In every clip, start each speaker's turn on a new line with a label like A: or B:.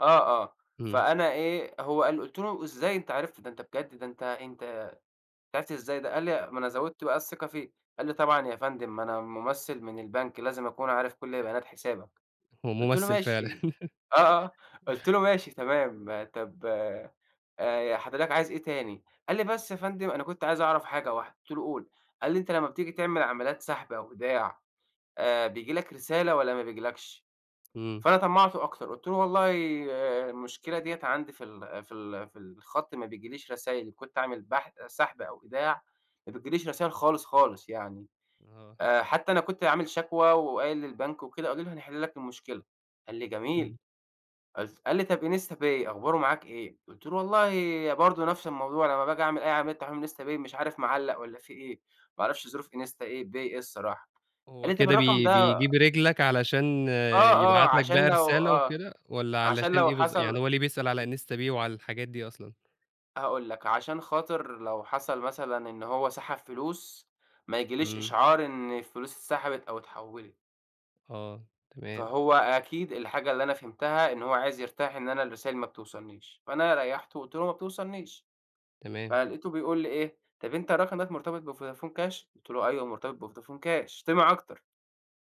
A: آه، آه
B: إمم.
A: فأنا إيه هو قال قُلت له: "إزاي أنت عرفت؟ ده أنت بجد ده أنت أنت أنت عرفت ازاي ده؟" قال لي ما أنا زوّدت بقى الثقة فيه، قال لي: "طبعًا يا فندم ما أنا ممثل من البنك، لازم اكون عارف كل بيانات حسابك."
B: هو
A: قُلت له:
B: ممثل فعلًا.
A: "ماشي" آه، آه، آه قُلت له: "ماشي تمام طب آآ ي حضرتك عايز إيه تاني؟" قال لي: "بس يا فندم أنا كنت عايز اعرف حاجة واحده،" قُلت له: "قُل" قال لي: "أنت لمّا بتيجي تعمل عمليات سحب أو إيداع، آآ بييجي لك رسالة، والّا ما بييجيلكش؟"
B: إمم.
A: فأنا طمّعته أكتر، قُلت له: "والله المشكلة دِيّة عندي في ال في ال في الخط ما بييجيليش رسايل إن كنت اعمل بح سحب أو إيداع، ما بتيجيليش رسايل خالص، خالص يعني.
B: آه.
A: آآ حتى أنا كنت عامل شكوى، وقايل للبنك وكده، قالوا لي هنحل لك المشكلة." قال لي: "جميل"
B: إمم.
A: قُلت قال لي: "طب instapay أخباره معاك إيه؟" قُلت له: "والله ي برضه نفس الموضوع لمّا باجي أعمل أي عملية تحويل من instapay مش عارف معلّق والّا في إيه؟ ما اعرفش ظروف insta إيه pay إيه الصراحة."
B: هو
A: قال لي: "طيب
B: كده
A: الرقم
B: بي
A: ده"
B: بيجيب رجلك علشان
A: آه، آه
B: يبعت لك
A: عشان
B: بقى
A: لو
B: رسالة
A: آه
B: وكده، والّا
A: عشان
B: علشان
A: لو
B: إيه بالض يعني
A: حصل
B: هو لي بيسأل على instapay وعلى الحاجات دي أصلًا؟
A: هاقول لك، عشان خاطر لو حصل مثلًا إن هو سحب فلوس ما ييجيليش
B: إمم.
A: إشعار إن الفلوس اتسحبت أو اتحوّلت.
B: آه تمام.
A: فهو أكيد الحاجة اللي أنا فهمتها، إن هو عايز يرتاح إن أنا الرسايل ما بتوصلنيش، فأنا ريّحته وقُلت له: "ما بتوصلنيش."
B: تمام.
A: فلقيته بيقول لي إيه: "طب أنت رقمك مرتبط بvodafon cash؟" قُلت له: "أيوه مرتبط بvodafon cash." طِمع اكتر.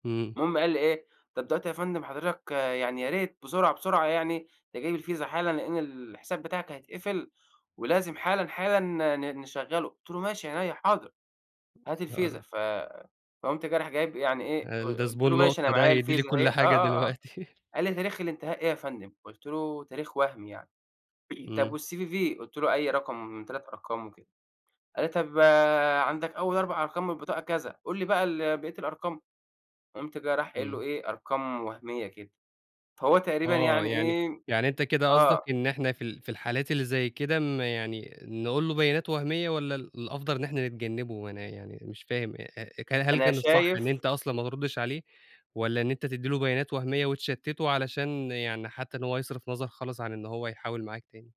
B: إمم.
A: المهم قال لي إيه: "طب دلوقتي يا فندم حضرتك يعني يا ريت بسرعة، بسرعة يعني تجيب الفيزا حالًا لإن الحساب بتاعك هيتقفل، ولازم حالًا، حالًا ن ن نشغله،" قُلت له: "ماشي عينيّا حاضر." هات الفيزا
B: [unintelligible]
A: ف فقُمت جاي راح جايب يعني إيه
B: قال
A: قل
B: ده
A: قُلت
B: زبون
A: له ماشي أنا
B: لُقطة ده
A: معايا
B: هيدّي لي
A: الفيزا اهي
B: كل
A: آه،
B: حاجة
A: آه، آه
B: دلوقتي.
A: قال لي: "تاريخ الإنتهاء إيه يا فندم؟" قُلت له تاريخ وهمي يعني
B: إمم.
A: طيب والCVV قُلت له أي رقم من 3 أرقام وكده، قال لي: "طيب عندك أول 4 أرقام من البطاقة كذا، قُل لي بقى ال بقية الأرقام." فقُمت جاي رايح قايل له
B: إمم.
A: إيه أرقام وهميّة كده، فهو تقريبًا
B: آه
A: يعني
B: يعني
A: إيه
B: يعني أنت كده قصدك
A: آه.
B: إن إحنا في ال في الحالات اللي زي كده م يعني نقول له بيانات وهميّة، والّا ال الأفضل إن إحنا نتجنّبه أنا يعني مش فاهم؟ أ أ كل هل
A: أنا
B: كانت صح إن
A: شايف
B: أنت أصلًا ما تردش عليه، والّا إن أنت تدّي له بيانات وهميّة وتشتته علشان يعني حتى إن هو يصرف نظر خالص عن إن هو يحاول معاك تاني؟